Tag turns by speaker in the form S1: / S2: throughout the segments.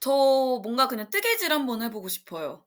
S1: 저 뭔가 그냥 뜨개질 한번 해 보고 싶어요.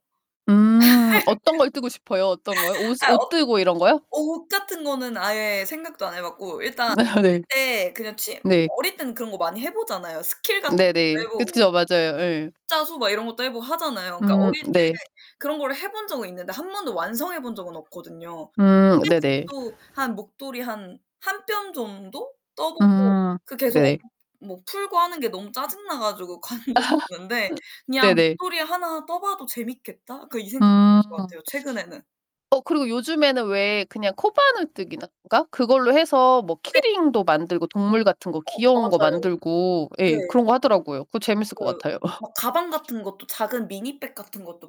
S2: 음. 어떤 걸 뜨고 싶어요? 어떤 거요? 옷
S1: 아
S2: 옷
S1: 옷
S2: 뜨고 이런 거요?
S1: 옷 같은 거는 아예 생각도 안 해 봤고 일단 어릴
S2: 네.
S1: 때 그냥 취 뭐
S2: 네.
S1: 어릴 때는 그런 거 많이 해 보잖아요. 스킬 같은 거
S2: 네네.
S1: 해보고,
S2: 그쵸. 맞아요. 예.
S1: 십자수 막 이런 것도 해 보고 하잖아요. 그니까
S2: 음.
S1: 어릴 때
S2: 네.
S1: 그런 거를 해 본 적은 있는데 1 번도 완성해 본 적은 없거든요.
S2: 음. 네네.
S1: 뜨개질도 한 목도리 한 1 뼘 정도 떠보고
S2: 음.
S1: 그 계속
S2: 네네.
S1: 엉키고 풀고 하는 게 너무 짜증나 가지고 관뒀었는데 그냥
S2: 네네.
S1: '목도리 하나 떠봐도 재밌겠다.' 그 이 생각이
S2: 음.
S1: 드는 것 같아요, 최근에는.
S2: 어 그리고 요즘에는 왜 그냥 코바늘 뜨기나 가 그걸로 해서 뭐
S1: 네.
S2: 키링도 만들고 동물 같은 거
S1: 어.
S2: 귀여운 거
S1: 맞아요.
S2: 만들고
S1: 네.
S2: 예 그런 거 하더라고요. 그거 재밌을 것
S1: 맞아요.
S2: 같아요.
S1: 막 가방 같은 것도 작은 미니 백 같은 것도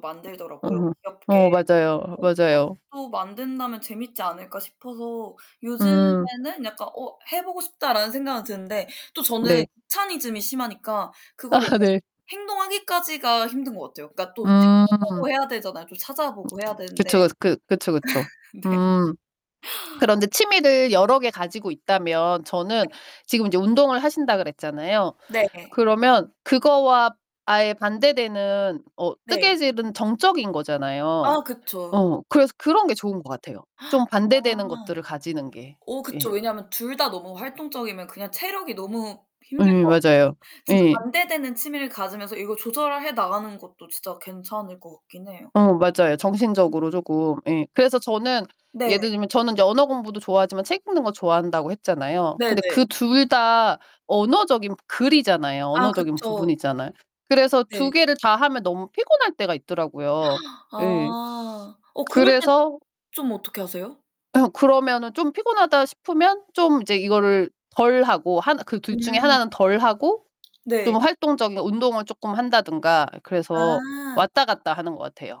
S2: 어.
S1: 만들더라고요, 귀엽게.
S2: 어 맞아요. 맞아요.
S1: 그런 것도 만든다면 재밌지 않을까 싶어서
S2: 음.
S1: 요즘에는 약간 '어, 해 보고 싶다.' 라는 생각은 드는데 또 저는
S2: 네.
S1: 귀차니즘이 심하니까 그거를 약간
S2: 네.
S1: 행동하기까지가 힘든 것 같아요. 그니까 또
S2: 음.
S1: 찾아보고 해야 되잖아요. 좀 찾아보고 해야 되는데.
S2: 그쵸. 그 그쵸, 그쵸.
S1: 네.
S2: 음. 그런데 취미를 여러 개 가지고 있다면 저는
S1: 네.
S2: 지금 이제 운동을 하신다 그랬잖아요.
S1: 네네.
S2: 그러면 그거와 아예 반대되는 어
S1: 네.
S2: 뜨개질은 정적인 거잖아요.
S1: 아 그쵸.
S2: 어 그래서 그런 게 좋은 것 같아요.
S1: 아.
S2: 좀 반대되는 것들을 가지는 게.
S1: 어 그쵸.
S2: 예.
S1: 왜냐면 둘 다 너무 활동적이면 그냥 체력이 너무 힘들
S2: 예,
S1: 것 같고.
S2: 맞아요.
S1: 진짜
S2: 예.
S1: 반대되는 취미를 가지면서 이걸 조절해 나가는 것도 진짜 괜찮을 것 같긴 해요.
S2: 어 맞아요.
S1: 음.
S2: 정신적으로 쪼금. 예. 그래서 저는
S1: 네.
S2: 예를 들면 저는 이제 언어 공부도 좋아하지만 책 읽는 거 좋아한다고 했잖아요.
S1: 네네.
S2: 근데 그 둘 다 언어적인 글이잖아요.
S1: 아
S2: 언어적인
S1: 그쵸.
S2: 부분이잖아요. 그래서 2
S1: 네.
S2: 개를 다 하면 너무 피곤할 때가 있더라고요. 네.
S1: 아. 어 그럴 땐
S2: 그래서
S1: 좀 어떻게 하세요?
S2: 아. 그러면은 좀 피곤하다 싶으면 좀 이제 이거를 덜하고 하나 그 둘 중에
S1: 음.
S2: 하나는 덜 하고
S1: 네.
S2: 좀 활동적인 운동을 조금 한다든가 그래서
S1: 아.
S2: 왔다 갔다 하는 것 같아요.